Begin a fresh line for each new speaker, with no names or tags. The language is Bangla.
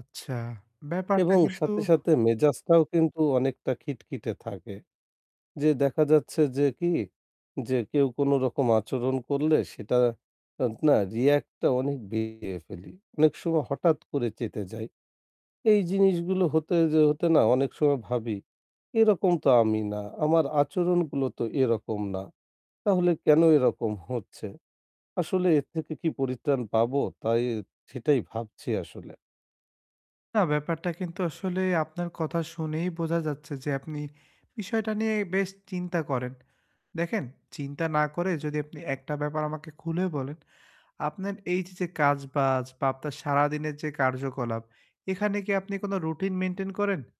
আচ্ছা ব্যাপারটা
এবং
কিন্তু
সাথে, সাথে মেজাজটাও কিন্তু অনেকটা খিটখিটে থাকে। যে দেখা যাচ্ছে যে কি, যে কেউ কোন রকম আচরণ করলে সেটা আত না react টা অনেক দিয়ে ফেলি। অনেক সময় হঠাৎ করে চেঁতে যাই। এই জিনিসগুলো হতে যে হতে না অনেক সময় ভাবি, এরকম তো আমি না। আমার আচরণগুলো তো এরকম না। তাহলে কেন এরকম হচ্ছে? আসলে এর থেকে কি পরিত্রাণ পাবো? তাই সেটাই ভাবছি আসলে।
না, ব্যাপারটা কিন্তু আসলে আপনার কথা শুনেই বোঝা যাচ্ছে যে, আপনি বিষয়টা নিয়ে বেশ চিন্তা করেন। দেখেন চিন্তা না করে যদি আপনি একটা ব্যাপার আমাকে খুলে বলেন। আপনার এই যে যে, কাজ-বাজ বা আপনার সারাদিনের যে কার্যকলাপ এখানে কি আপনি কোন routine maintain করেন?